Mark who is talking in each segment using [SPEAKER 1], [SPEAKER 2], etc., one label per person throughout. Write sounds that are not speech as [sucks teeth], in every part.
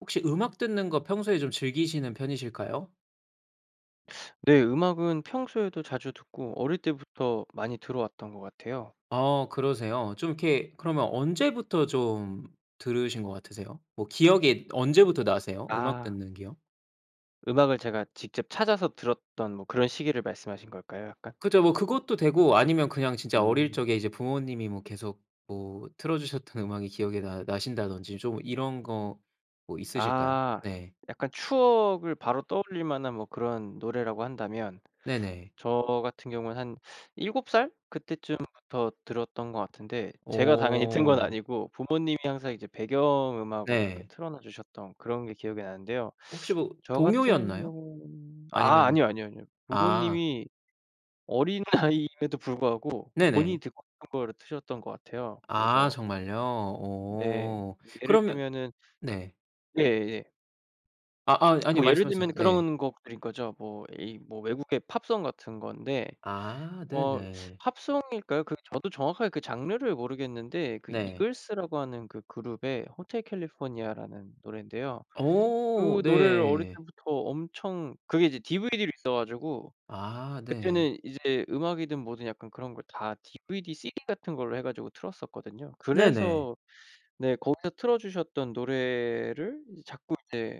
[SPEAKER 1] 혹시 음악 듣는 거 평소에 좀 즐기시는 편이실까요?
[SPEAKER 2] [sucks teeth] 네. 음악은 평소에도 자주 듣고 어릴 때부터 많이 들어 왔던 것 같아요.
[SPEAKER 1] 아 그러세요? 좀 이렇게 그러면 언제부터 좀 들으신 것 같으세요? 뭐 기억이 언제부터 나세요, 음악
[SPEAKER 2] 아.
[SPEAKER 1] 듣는 기억?
[SPEAKER 2] 음악을 제가 직접 찾아서 들었던 뭐 그런 시기를 말씀하신 걸까요 약간?
[SPEAKER 1] 그쵸. 뭐 그것도 되고 아니면 그냥 진짜 어릴
[SPEAKER 2] 음.
[SPEAKER 1] 적에 이제 부모님이 뭐 계속 뭐 틀어주셨던 음악이 기억에 나 나신다든지 좀 이런 거 뭐 있으실까요?
[SPEAKER 2] 아.
[SPEAKER 1] 네.
[SPEAKER 2] 약간 추억을 바로 떠올릴 만한 뭐 그런 노래라고 한다면.
[SPEAKER 1] 네네.
[SPEAKER 2] [sucks teeth] 저 같은 경우는 한 [sucks teeth] 7 살 그때쯤부터 들었던 것 같은데. 제가 당연히 튼 건
[SPEAKER 1] 오.
[SPEAKER 2] 아니고 부모님이 항상 이제 배경음악으로 이렇게
[SPEAKER 1] 네.
[SPEAKER 2] 틀어놔 주셨던 그런 게 기억이 나는데요.
[SPEAKER 1] 혹시
[SPEAKER 2] [sucks teeth]
[SPEAKER 1] 뭐
[SPEAKER 2] 저 같은
[SPEAKER 1] 동요였나요?
[SPEAKER 2] 경우는 아
[SPEAKER 1] 아니면은
[SPEAKER 2] 아니요, 아니요, 아니요.
[SPEAKER 1] 아.
[SPEAKER 2] 부모님이 어린 아이임에도 불구하고 본인이
[SPEAKER 1] 네네.
[SPEAKER 2] 듣고 싶은 거를 트셨던 것 같아요.
[SPEAKER 1] 아
[SPEAKER 2] 그래서
[SPEAKER 1] 정말요?
[SPEAKER 2] 네.
[SPEAKER 1] 오. [sucks teeth]
[SPEAKER 2] 예를
[SPEAKER 1] 그러면
[SPEAKER 2] 들면은
[SPEAKER 1] 네.
[SPEAKER 2] 예예.
[SPEAKER 1] 아 아
[SPEAKER 2] [tsk]
[SPEAKER 1] 아니요,
[SPEAKER 2] 뭐 예를 들면
[SPEAKER 1] 말씀하세요. 네.
[SPEAKER 2] 그런 곡들인 거죠. 뭐 외국의 팝송 같은 건데
[SPEAKER 1] 아
[SPEAKER 2] 어
[SPEAKER 1] 네네.
[SPEAKER 2] [sucks teeth] 팝송일까요? 그 저도 정확하게 그 장르를 모르겠는데 그
[SPEAKER 1] 네.
[SPEAKER 2] Eagles라고 하는 그 그룹의 Hotel California라는 노래인데요.
[SPEAKER 1] 오.
[SPEAKER 2] 그 노래를 어릴
[SPEAKER 1] 네.
[SPEAKER 2] 때부터 엄청 그게 이제 DVD로 있어 가지고
[SPEAKER 1] 아 네.
[SPEAKER 2] 그때는 이제 음악이든 뭐든 약간 그런 걸 다 DVD, CD 같은 걸로 해 가지고 틀었었거든요.
[SPEAKER 1] 네네.
[SPEAKER 2] 그래서 네 거기서 틀어 주셨던 노래를 자꾸 이제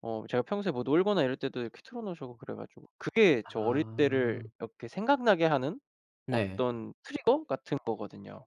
[SPEAKER 2] 어 제가 평소에 뭐 놀거나 이럴 때도 이렇게 틀어 놓으시고 그래 가지고 그게 저 어릴 때를
[SPEAKER 1] 아.
[SPEAKER 2] 이렇게 생각나게 하는
[SPEAKER 1] 네.
[SPEAKER 2] 어떤 trigger 같은 거거든요.